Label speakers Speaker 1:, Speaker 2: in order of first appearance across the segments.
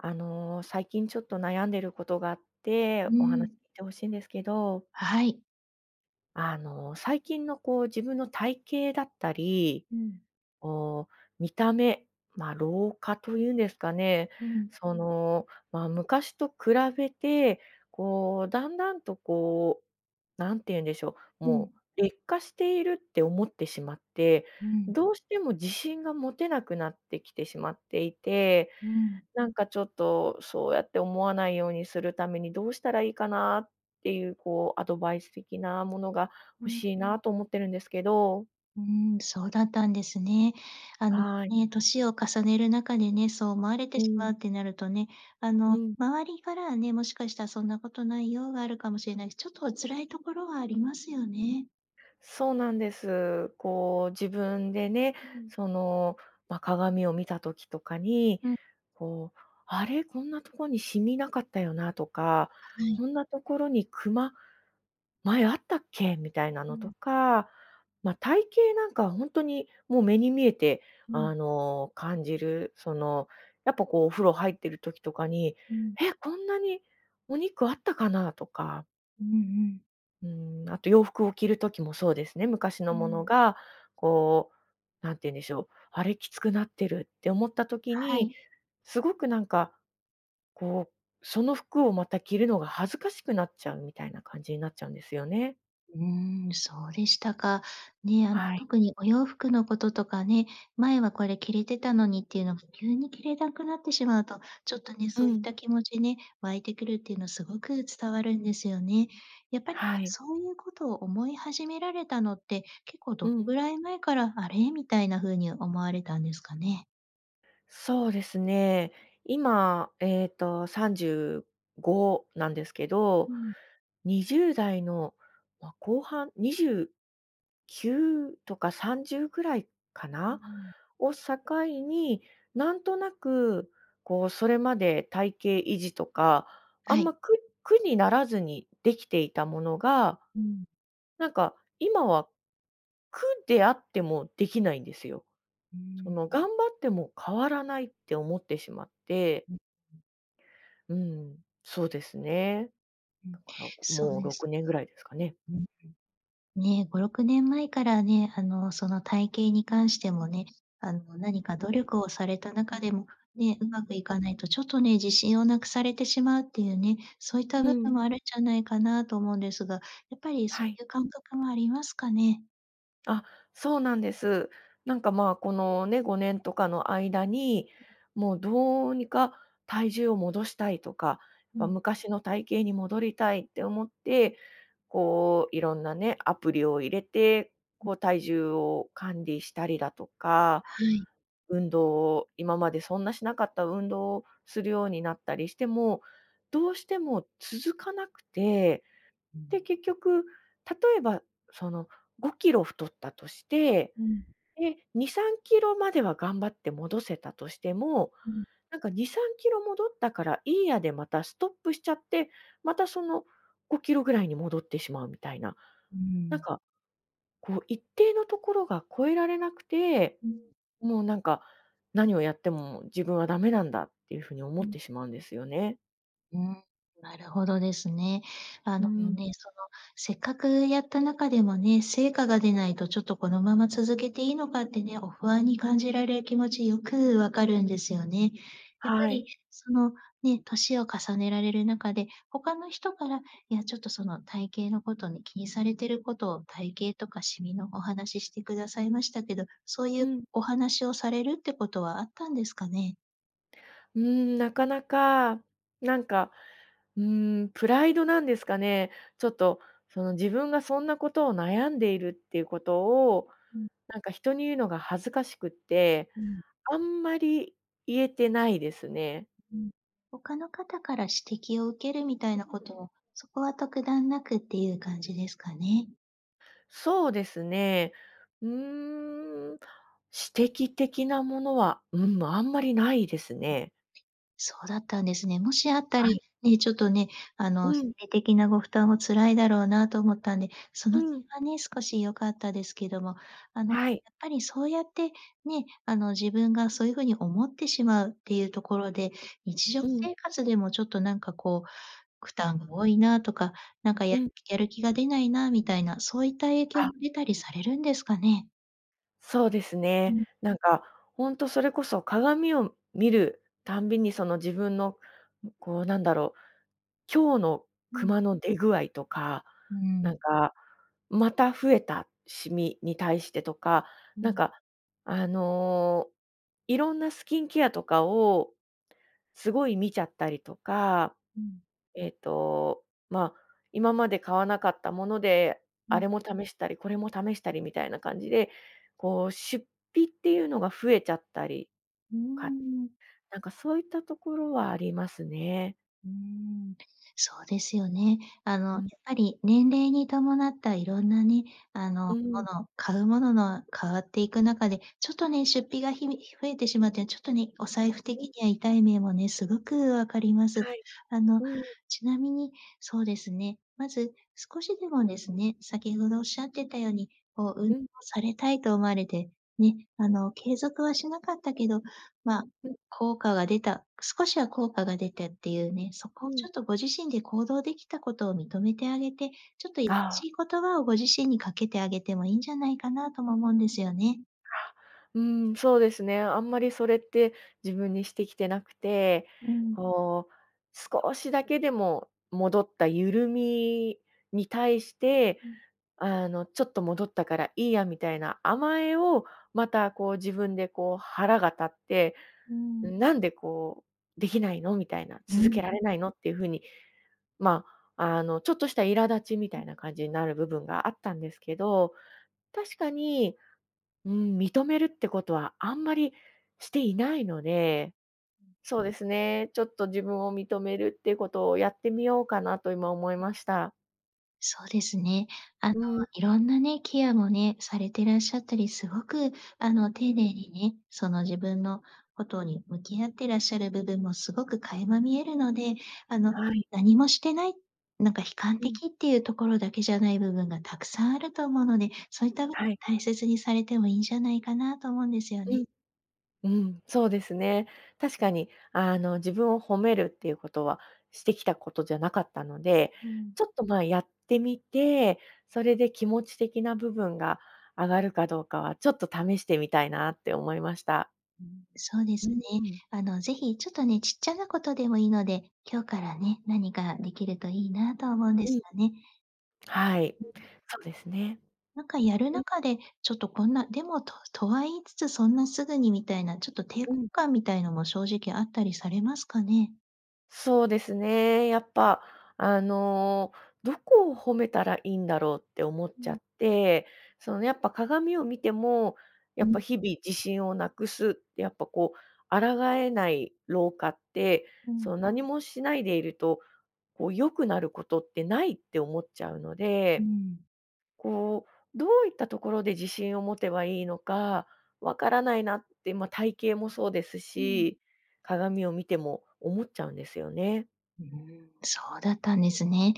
Speaker 1: あの、最近ちょっと悩んでることがあっ
Speaker 2: う
Speaker 1: て、
Speaker 2: ー
Speaker 1: おはなて
Speaker 2: ん。
Speaker 1: 欲しんですけど。
Speaker 2: はい。
Speaker 1: あの、最近のこう、自分の体型だったり、
Speaker 2: うん。
Speaker 1: こう、見た目、ま、老化というんですかね、
Speaker 2: うん。
Speaker 1: その、ま、昔と比べて、こう、だんだんとこう、何て言うんでしょう、
Speaker 2: う
Speaker 1: も
Speaker 2: ん。
Speaker 1: う劣化しているって思ってしまって、
Speaker 2: うん。
Speaker 1: どうしても自信が持てなくなってきてしまっていて、
Speaker 2: うん。
Speaker 1: なんかちょっと、そうやって思わないようにするためにどうしたらいいかな、っていうこう、アドバイス的なものが
Speaker 2: う
Speaker 1: 欲
Speaker 2: ん。
Speaker 1: しいなと思ってるんですけど。
Speaker 2: うーん、そうだったんですね。あの
Speaker 1: はい。
Speaker 2: ね、年を重ねる中でね、そう思われ
Speaker 1: う
Speaker 2: てしま
Speaker 1: ん。
Speaker 2: うってなるとね、あ
Speaker 1: う
Speaker 2: の
Speaker 1: ん。
Speaker 2: 周りからはね、もしかしたら、「そんなことないよ」あるかもしれないし、ちょっとお辛いところはありますよね。
Speaker 1: そうなんです。こう、自分でね、
Speaker 2: うん。
Speaker 1: その、ま、鏡を見た時とかに、
Speaker 2: うん。
Speaker 1: こう、あれ？こんなとこにシミなかったよなとか、
Speaker 2: はい。
Speaker 1: こんなところにクマ、前あったっけ？みたいな
Speaker 2: う
Speaker 1: のと
Speaker 2: ん。
Speaker 1: か、ま、体型なんかは本当にもう目に見えて、
Speaker 2: う
Speaker 1: あ
Speaker 2: ん。
Speaker 1: の、感じる、その、やっぱこうお風呂入ってる時とかに、
Speaker 2: うん。
Speaker 1: 「え、こんなにお肉あったかな？」とか
Speaker 2: うんうん。
Speaker 1: うーん、あと洋服を着る時もそうですね、昔の
Speaker 2: う
Speaker 1: もの
Speaker 2: ん。
Speaker 1: が、こう、なんていうんでしょう「あれ、きつくなってる」って思った時
Speaker 2: は
Speaker 1: に、
Speaker 2: い。
Speaker 1: すごくなんか、こう、その服をまた着るのが恥ずかしくなっちゃうみたいな感じになっちゃうんですよね。
Speaker 2: うーん、そうでしたか。ね、あん
Speaker 1: はい。
Speaker 2: 特にお洋服のこととかね、前はこれ着れてたのにっていうのが急に着れなくなってしまうと、ちょっとね、
Speaker 1: う
Speaker 2: そういっ
Speaker 1: ん。
Speaker 2: た気持ちね、湧いてくるっていうのすごく伝わるんですよね。やっぱり、
Speaker 1: はい。
Speaker 2: そういうことを思い始められたのって、結構ど
Speaker 1: う
Speaker 2: の
Speaker 1: ん。
Speaker 2: ぐらい前から「あれ？」みたいなふうに思われたんですかね？
Speaker 1: そうですね、今、えっと、35なんですけど、
Speaker 2: うん。
Speaker 1: 20代の、まあ、後半、29とか30ぐらいか
Speaker 2: うー
Speaker 1: な、
Speaker 2: ん。
Speaker 1: を境に、なんとなく、こう、それまで体型維持とか、あ
Speaker 2: は
Speaker 1: んま、
Speaker 2: い。
Speaker 1: 苦苦にならずにできていたものが、
Speaker 2: うん。
Speaker 1: なんか今は、苦であってもできないんですよ。
Speaker 2: うー
Speaker 1: そのが
Speaker 2: ん。
Speaker 1: んばっても変わらないって思ってしまって。
Speaker 2: うん。
Speaker 1: うん。そうですね。
Speaker 2: う
Speaker 1: だ
Speaker 2: ん、
Speaker 1: から、
Speaker 2: そう
Speaker 1: もう
Speaker 2: で
Speaker 1: ろ
Speaker 2: す
Speaker 1: く
Speaker 2: か。
Speaker 1: ねんぐらいですかね。
Speaker 2: ね、5、6年前からね、あの、その体型に関してもね、あの、何か努力をされた中でも、ね、うまくいかないとちょっとね、自信をなくされてしまうっていうね、そういった
Speaker 1: う
Speaker 2: 部分
Speaker 1: ん。
Speaker 2: もあるんじゃないかなと思うんですが、やっぱりそ
Speaker 1: は
Speaker 2: うい
Speaker 1: い。
Speaker 2: う感覚もありますかね？
Speaker 1: あ、そうなんです。なんかまあこの、ね、5年とかの間に、もうどうにか体重を戻したいとか、
Speaker 2: う
Speaker 1: ま、
Speaker 2: ん。
Speaker 1: 昔の体型に戻りたいって思って、こういろんなねアプリを入れて、
Speaker 2: ん
Speaker 1: こう体重を管理したりだとか、
Speaker 2: はい。
Speaker 1: 運動を、今までそんなしなかった運動をするようになったりしても、どうしても続かなくて、
Speaker 2: うん。
Speaker 1: で結局例えばその5キロ太ったとして、
Speaker 2: うん。
Speaker 1: で、2、3キロまでは頑張って戻せたとしても、
Speaker 2: うん。
Speaker 1: なんか2、3キロ戻ったからいいやでまたストップしちゃって、またその5キロぐらいに戻ってしまうみたいな。
Speaker 2: う
Speaker 1: なん
Speaker 2: ん。
Speaker 1: か、こう一定のところが超えられなくて、
Speaker 2: うん。
Speaker 1: もうなんか、何をやっても自分は駄目なんだ、っていうふうに思
Speaker 2: う
Speaker 1: っ
Speaker 2: ん。
Speaker 1: てしまうんですよね。
Speaker 2: うん、なるほどですね。あ
Speaker 1: う
Speaker 2: のの
Speaker 1: ん。
Speaker 2: ね、そのせっかくやった中でもね、成果が出ないとちょっとこのまま続けていいのかってね、お不安に感じられ気持ちよく分かるんですよね。やっぱ
Speaker 1: はい。
Speaker 2: りその、ね、年を重ねられる中で他の人から、いやちょっと、その体型のことに気にされていることを、体型とかシミのお話ししてくださいましたけど、そうい
Speaker 1: う
Speaker 2: う
Speaker 1: ん。
Speaker 2: お話をされるってことはあったんですかね？
Speaker 1: うーん、なかなか、なんか、うーん、プライドなんですかね。ちょっと、その自分がそんなことを悩んでいるっていうことを、
Speaker 2: うん。
Speaker 1: なんか人に言うのが恥ずかしくって、
Speaker 2: うん。
Speaker 1: あんまり言えてないですね。
Speaker 2: うん。他の方から指摘を受けるみたいなこ とをそこは特段なくっていう感じですかね？
Speaker 1: そうですね。うーん、指摘的なものは、うん、あんまりないですね。
Speaker 2: そうだったんですね。もしあった
Speaker 1: は
Speaker 2: り、
Speaker 1: い。
Speaker 2: ね、ちょっとね、あ
Speaker 1: う
Speaker 2: の、
Speaker 1: ん。
Speaker 2: 心理的なご負担は辛いだろうなと思ったんで、そ
Speaker 1: う
Speaker 2: の点
Speaker 1: ーん。
Speaker 2: はね、少し良かったですけども、あの
Speaker 1: はい。
Speaker 2: やっぱりそうやって、ね、あの、自分がそういう風に思ってしまうっていうところで、日常
Speaker 1: うん。
Speaker 2: 生活でもちょっとなんかこう、負担が多いなとか、なんかや
Speaker 1: う
Speaker 2: る
Speaker 1: ん。
Speaker 2: やる気が出ないなみたいな、そういった影響
Speaker 1: あ。
Speaker 2: も出たりされるんですかね？
Speaker 1: そうです
Speaker 2: う
Speaker 1: ね。
Speaker 2: ん。
Speaker 1: なんか、ほんとそれこそ、鏡を見るたんびにその自分の、こうなんだろう、今日の
Speaker 2: う
Speaker 1: ク
Speaker 2: ん。
Speaker 1: マの出具合とか、
Speaker 2: うー
Speaker 1: なん
Speaker 2: ん。
Speaker 1: か、また増えたシミに対してとか、
Speaker 2: う
Speaker 1: なん
Speaker 2: ん。
Speaker 1: か、あの、いろんなスキンケアとかをすごい見ちゃったりとか、
Speaker 2: うん。
Speaker 1: えっと、ま、今まで買わなかったもので、
Speaker 2: う
Speaker 1: あれ
Speaker 2: ん。
Speaker 1: も試したり、これも試したりみたいな感じで、こう出費っていうのが増えちゃったり、
Speaker 2: うー
Speaker 1: か
Speaker 2: ん。
Speaker 1: なんかそういったところはありますね。
Speaker 2: うーん、そうですよね。あの、や
Speaker 1: う
Speaker 2: っ
Speaker 1: ん。
Speaker 2: ぱり、年齢に伴ったいろんなね、あの、
Speaker 1: う
Speaker 2: も
Speaker 1: ん。
Speaker 2: の買うものの変わっていく中で、ちょっとね、出費が、ひ増えてしまって、ちょっとね、お財布
Speaker 1: う
Speaker 2: 的
Speaker 1: ん。
Speaker 2: には痛い目もね、凄く分かります。
Speaker 1: はい。
Speaker 2: あの、
Speaker 1: うん。
Speaker 2: ちなみに、そうですね、まず少しでもですね、先ほどおっしゃってたように、こう、運動
Speaker 1: うん。
Speaker 2: されたいと思われてね、あの、継続はしなかったけど、ま、
Speaker 1: うん。
Speaker 2: 効果が出た、少しは効果が出てっていうね、そ
Speaker 1: う
Speaker 2: こをちょ
Speaker 1: ん。
Speaker 2: っと、ご自身で行動できたことを認めてあげて、ちょっと
Speaker 1: ああ。
Speaker 2: しい言葉をご自身にかけてあげてもいいんじゃないかなとも思うんですよね。
Speaker 1: あ、うん、そうですね、あんまりそれって自分にしてきてなくて、
Speaker 2: うん。
Speaker 1: こう、少しだけでも戻った緩みに対して、
Speaker 2: うん。
Speaker 1: あの、ちょっと戻ったからいいやみたいな甘えを、また、こう自分で、こう腹が立って、
Speaker 2: うん。
Speaker 1: なんで、こう、できないの？みたいな、
Speaker 2: う
Speaker 1: 続
Speaker 2: ん。
Speaker 1: けられないの？っていうふうに、ま、あの、ちょっとした苛立ちみた
Speaker 2: う
Speaker 1: いな感じになる部分があったんですけど、確かに、うん、認めるってことはあんまりしていないので、そうですね、ちょっと自分を認めるっていうことをやってみようかなと、今思い
Speaker 2: う
Speaker 1: ました。
Speaker 2: そうですね。あの、
Speaker 1: うん。
Speaker 2: いろんなね、ケアもね、されてらっしゃったり、すごく、あの、丁寧にね、その自分のことに向き合ってらっしゃる部分もすごく垣間見えるので、あの、
Speaker 1: はい。
Speaker 2: 何もしてない、なんか悲観
Speaker 1: うん。
Speaker 2: 的っていうところだけじゃない部分がたくさんあると思うので、そういった
Speaker 1: はい。
Speaker 2: 大切にされてもいいんじゃないかなと思うんですよ
Speaker 1: う
Speaker 2: ね。
Speaker 1: ん。うん、そうですね。確かに、あの、自分を褒めるっていうことは、してきたことじゃなかったので、
Speaker 2: うーん。
Speaker 1: ちょっと、ま、やってみて、それで気持ち的な部分が上がるかどうかは、ちょっと試してみたいなって思いました。
Speaker 2: うん、そうで
Speaker 1: うー
Speaker 2: すね。
Speaker 1: ん。
Speaker 2: あの、ぜひちょっとね、ちっちゃなことでもいいので、今日からね、何かできるといいなと思うんで
Speaker 1: う
Speaker 2: す
Speaker 1: ん。
Speaker 2: よね。
Speaker 1: はい、
Speaker 2: うん。
Speaker 1: そうですね。
Speaker 2: なんかやる
Speaker 1: うん。
Speaker 2: 中で、ちょっとこんな、でもととは言いつつ、そんなすぐにみたいな、ちょっと抵抗
Speaker 1: うん。
Speaker 2: 感みたいのも正直あったりされますかね？
Speaker 1: そうですね、やっぱ、あの、どこを褒めたらいいんだろうって思っ
Speaker 2: う
Speaker 1: ちゃ
Speaker 2: ん。
Speaker 1: って、そのやっぱ鏡を見ても、
Speaker 2: う
Speaker 1: やっぱ
Speaker 2: ん。
Speaker 1: 日々自信をなくすって、やっぱこう、抗えない老化って、
Speaker 2: うん。
Speaker 1: その何もしないでいると、こう、良くなることってないって思っちゃうの
Speaker 2: うー
Speaker 1: で、
Speaker 2: ん。
Speaker 1: こう、どういったところで自信を持てばいいのか、わからないなって、ま、体型もそうです
Speaker 2: うん。
Speaker 1: し、鏡を見ても思っちゃうんですよね。
Speaker 2: うん、そうだったんですね。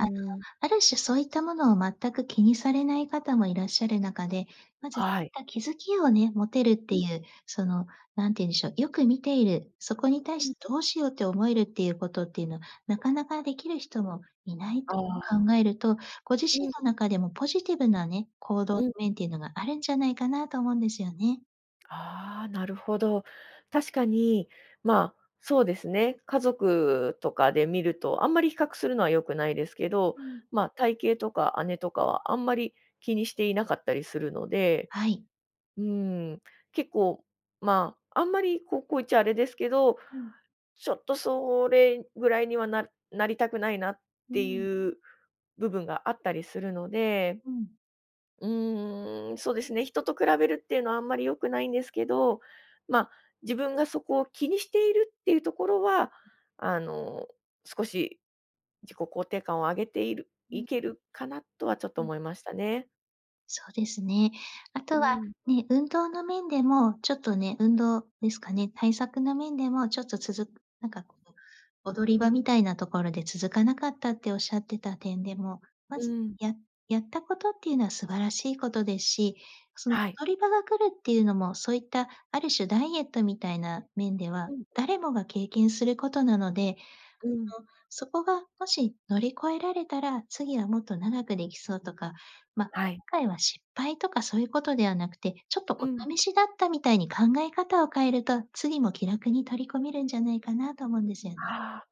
Speaker 1: う
Speaker 2: の、
Speaker 1: ん。
Speaker 2: ある種そういったものを全く気にされない方もいらっしゃる中で、まず
Speaker 1: はい。
Speaker 2: た気づきをね、持てるっ
Speaker 1: う
Speaker 2: てい
Speaker 1: ん。
Speaker 2: う、その何ていうんでしょう、よく見ている、そこに対
Speaker 1: うん。
Speaker 2: しどうしようって思えるっていうことっていうのは、なかなかできる人もいない
Speaker 1: あ
Speaker 2: と
Speaker 1: あ。
Speaker 2: 考えると、ご自身
Speaker 1: うん。
Speaker 2: の中でもポジティブなね、行動の
Speaker 1: うん。
Speaker 2: 面っていうのがあるんじゃないかなと思うんですよね。
Speaker 1: ああ、なるほど。確かに、まあ、そうですね、家族とかで見ると、あんまり比較するのは良くないですけど、
Speaker 2: うん。
Speaker 1: ま、体型とか姉とかはあんまり気にしていなかったりするので。
Speaker 2: はい。
Speaker 1: うん、結構まあ、あんまりこうこう言っちゃあれですけど、
Speaker 2: うん。
Speaker 1: ちょっとそれぐらいにはななりたくないなっ
Speaker 2: う
Speaker 1: て
Speaker 2: ん。
Speaker 1: いう部分があったりするので。
Speaker 2: うん。
Speaker 1: うーん、そうですね、人と比べるっていうのはあんまり良くないんですけど、ま、自分がそこを気にしているっていうところは、あの少し自己肯定感を上げている
Speaker 2: う
Speaker 1: い
Speaker 2: ん。
Speaker 1: けるかなとはちょっと
Speaker 2: うん。
Speaker 1: 思いましたね。
Speaker 2: そうですね、後
Speaker 1: う
Speaker 2: は、
Speaker 1: ん。
Speaker 2: ね、運動の面でも、ちょっとね、運動ですかね、対策の面でも、ちょっと続く何か、こう、踊り場みたいな所で、続かなかったっておっしゃってた点でも、ま
Speaker 1: う
Speaker 2: ず、
Speaker 1: ん。
Speaker 2: ややった事、って言うのは、素晴らしい事ですし、その
Speaker 1: はい。
Speaker 2: 踊り場が来るって言うのも、そう言った、ある種、ダイエットみたいな面では、
Speaker 1: うん。
Speaker 2: 誰もが経験する事なので、あの、
Speaker 1: うん。
Speaker 2: そこがもし乗り越えられたら、次はもっと、長く出来そうとか、ま、
Speaker 1: はい。
Speaker 2: 今回は、失敗とかそう言う事ではなくて、ちょっと、
Speaker 1: うん。
Speaker 2: お試しだったみたいに考え方を変えると、次も気楽に取り込めるんじゃないかなと、思うんですよね。
Speaker 1: ああ、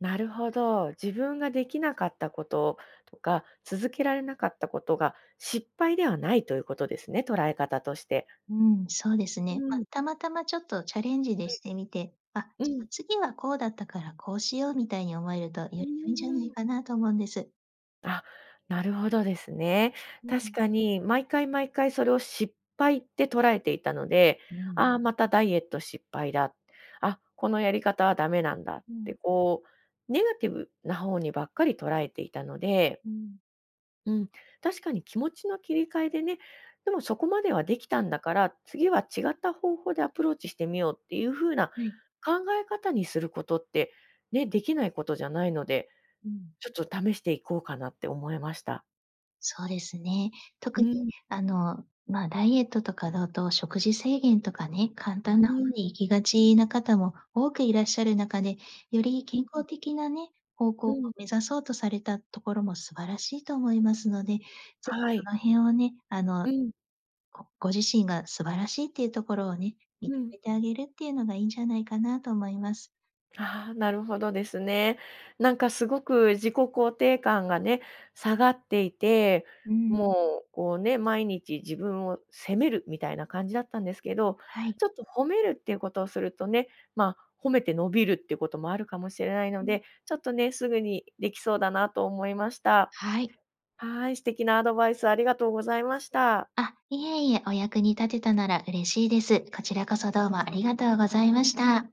Speaker 1: なるほど。自分が出来なかった事とか、続けられなかった事が、失敗ではないと言う事ですね、捉え方として。
Speaker 2: うん、そうです
Speaker 1: う
Speaker 2: ね、ま、
Speaker 1: ん。
Speaker 2: たまたま、ちょっと、チャレンジで
Speaker 1: うん。
Speaker 2: してみて、あ、
Speaker 1: うん。
Speaker 2: 次はこうだったから、こうしよう、みたいに思えると、より
Speaker 1: うー
Speaker 2: 良いんじゃない
Speaker 1: ん。
Speaker 2: かなと思うんです。
Speaker 1: あ、なるほどですね、
Speaker 2: う
Speaker 1: 確
Speaker 2: ん。
Speaker 1: かに、毎回毎回、それを失敗って捉えていたので、
Speaker 2: うん。
Speaker 1: ああ、また、ダイエット失敗だ。あ、このやり方は駄目なんだっ
Speaker 2: う
Speaker 1: て
Speaker 2: ん。
Speaker 1: こう、ネガティブな方にばっかり、捉えていたので。
Speaker 2: うん。
Speaker 1: うん、確かに、気持ちの切り替えでね、でも、そこまでは出来たんだから、次は違った方法でアプローチしてみようって言う風な
Speaker 2: はい。
Speaker 1: 考え方にする事って、ね、出来ない事じゃないので、
Speaker 2: うん。
Speaker 1: ちょっと試して行こうかなって思いました。
Speaker 2: そうですね、
Speaker 1: う
Speaker 2: 特に、
Speaker 1: ん。
Speaker 2: あの、ま、ダイエットとかだと、食事制限とかね、簡単
Speaker 1: う
Speaker 2: な方
Speaker 1: ん。
Speaker 2: に行きがちな方も多くいらっしゃる中で、より、
Speaker 1: う
Speaker 2: 健康
Speaker 1: ん。
Speaker 2: 的なね、方向
Speaker 1: う
Speaker 2: を
Speaker 1: ん。
Speaker 2: 目指そうとされたところも素晴らしいと思いますので、是非
Speaker 1: は
Speaker 2: そ
Speaker 1: い。
Speaker 2: の辺をね、あの、
Speaker 1: うん。
Speaker 2: ごご自身が素晴らしいって言うところをね、認
Speaker 1: うん。
Speaker 2: めてあげるって言うのが良いんじゃないかなと思います。
Speaker 1: ああ、なるほどですね、何か凄く、自己肯定感がね、下がっていて、
Speaker 2: うん。
Speaker 1: もう、こうね、毎日、自分を責めるみたいな感じだったんですけど、
Speaker 2: はい。
Speaker 1: ちょっと褒めるって言う事をするとね、ま、褒めて伸びるって言う事もあるかもしれないの
Speaker 2: うん。
Speaker 1: で、ちょっとね、直ぐに出来そうだなと思いました。
Speaker 2: はい。
Speaker 1: はい、素敵なアドバイス、ありがとうございました。
Speaker 2: あ、いえいえ、お役に立てたなら、嬉しいです。こちらこそ、どうもありがとうございました。